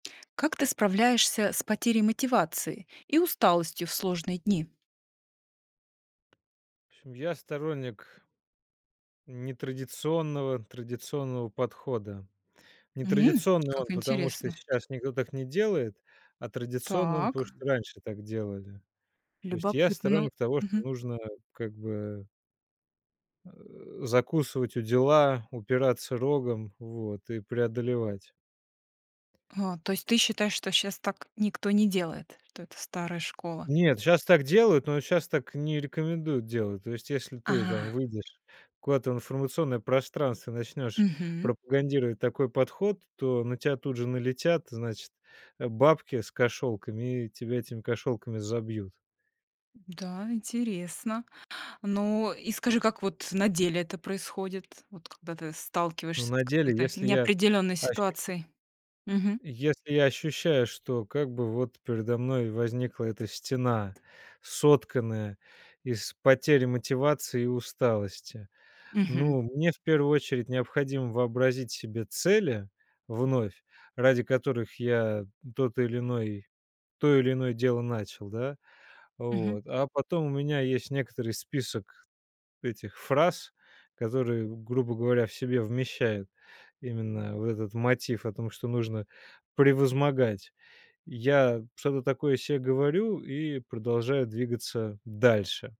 Как ты справляешься с потерей мотивации и усталостью в сложные дни? В общем я сторонник нетрадиционного традиционного подхода. М. Нетрадиционный Как он потому, что интересно. сейчас никто так не делает, а традиционный он потому, Так. что раньше так делали. То есть я Любопытно, но. сторонник того, что Мгм. нужно как бы закусывать удила, упираться рогом, вот, и преодолевать. А. То есть ты считаешь, что щас так никто не делает, что это старая школа? Нет, щас так делают, но щас так не рекомендуют делать. То есть, если ты Ага. там выйдешь куда-то в информационное пространство, начнёшь Мгм. пропагандировать такой подход, то на тя тут же налетят, значит, бабки с кошелками, и тебя этими кошелками забьют. Да, интересно. Ну, и скажи, как вот на деле это происходит, вот когда ты Ну, сталкиваешься с на деле, какой-то если я, неопределенной ощущ ситуацией? Мгм. если я ощущаю, что как бы вот передо мной возникла эта стена, сотканная из потери мотивации и усталости. Мгм. Ну, мне в первую очередь необходимо вообразить себе цели, вновь, ради которых я тот или иной то или иное дело начал, да. Мгм. Вот. А потом у меня есть некоторый список этих фраз, которые, грубо говоря, в себе вмещают именно вот этот мотив о том, что нужно превозмогать. Я что-то такое се говорю и продолжаю двигаться дальше.